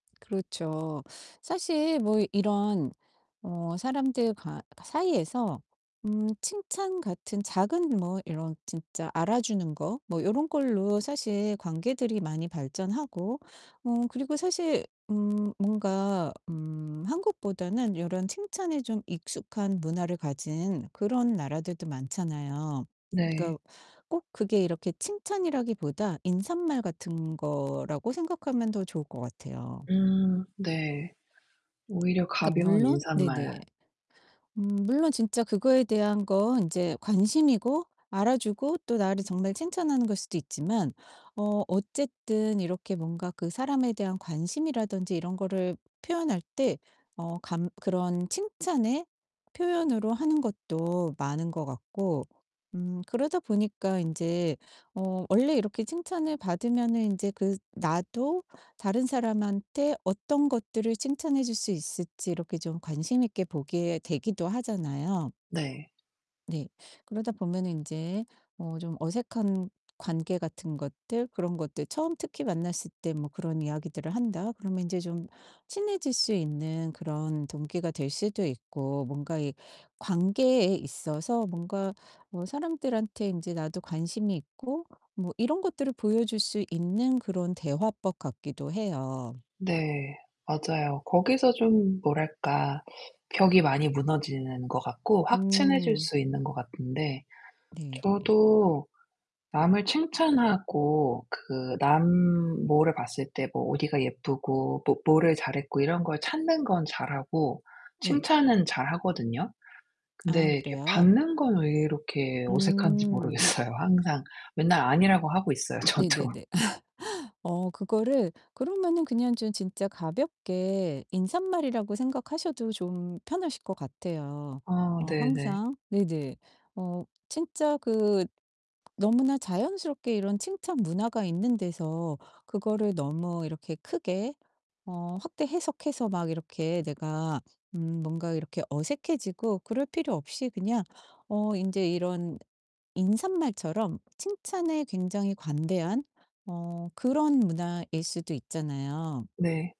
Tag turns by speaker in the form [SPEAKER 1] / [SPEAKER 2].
[SPEAKER 1] 그렇죠. 사실 뭐 이런 어 사람들 가 사이에서 음 칭찬 같은 작은 뭐 이런 진짜 알아주는 거 뭐 요런 걸로 사실 관계들이 많이 발전하고 어 그리고 사실 음 뭔가 음 한국보다는 요런 칭찬에 좀 익숙한 문화를 가진 그런 나라들도 많잖아요.
[SPEAKER 2] 네.
[SPEAKER 1] 그러니까 꼭 그게 이렇게 칭찬이라기보다 인삿말 같은 거라고 생각하면 더 좋을 것 같아요.
[SPEAKER 2] 음 네. 오히려
[SPEAKER 1] 그러니까
[SPEAKER 2] 가벼운
[SPEAKER 1] 물론
[SPEAKER 2] 인사말.
[SPEAKER 1] 네네. 음 물론 진짜 그거에 대한 건 이제 관심이고 알아주고 또 나를 정말 칭찬하는 거일 수도 있지만 어 어쨌든 이렇게 뭔가 그 사람에 대한 관심이라든지 이런 거를 표현할 때 어 감 그런 칭찬의 표현으로 하는 것도 많은 것 같고 음 그러다 보니까 인제 어 원래 이렇게 칭찬을 받으면은 인제 그 나도 다른 사람한테 어떤 것들을 칭찬해 줄 수 있을지 이렇게 좀 관심 있게 보게 되기도 하잖아요.
[SPEAKER 2] 네.
[SPEAKER 1] 네. 그러다 보면은 인제 어 좀 어색한 관계 같은 것들 그런 것들 '처음 특히 만났을 때 뭐 그런 이야기들을 한다.' 그러면 인제 좀 친해질 수 있는 그런 동기가 될 수도 있고 뭔가 이 관계에 있어서 뭔가 어 사람들한테 인제 나도 관심이 있고 뭐 이런 것들을 보여 줄 수 있는 그런 대화법 같기도 해요.
[SPEAKER 2] 네. 맞아요. 거기서 좀 뭐랄까? 벽이 많이 무너지는 것 같고 확 친해질
[SPEAKER 1] 음.
[SPEAKER 2] 수 있는 것 같은데
[SPEAKER 1] 네네.
[SPEAKER 2] 저도 남을 칭찬하고 그 남 뭐를 봤을 때 뭐 어디가 예쁘고 또 뭐를 잘했고 이런 걸 찾는 건 잘하고
[SPEAKER 1] 네.
[SPEAKER 2] 칭찬은 잘 하거든요.
[SPEAKER 1] 아
[SPEAKER 2] 근데 이렇게
[SPEAKER 1] 그래요?
[SPEAKER 2] 받는 건 왜 이렇게 어색한지
[SPEAKER 1] 음.
[SPEAKER 2] 모르겠어요 항상. 맨날 아니라고 하고 있어요, 저도.
[SPEAKER 1] 네네네. 어 그거를 그러면은 그냥 좀 진짜 가볍게 인사말이라고 생각하셔도 좀 편하실 것 같아요.
[SPEAKER 2] 아
[SPEAKER 1] 어
[SPEAKER 2] 네네.
[SPEAKER 1] 항상 네네. 어 진짜 그 너무나 자연스럽게 이런 칭찬 문화가 있는 데서 그거를 너무 이렇게 크게 어 확대 해석해서 막 이렇게 내가 음 뭔가 이렇게 어색해지고 그럴 필요 없이 그냥 어 인제 이런 인사말처럼 칭찬에 굉장히 관대한 어 그런 문화일 수도 있잖아요.
[SPEAKER 2] 네.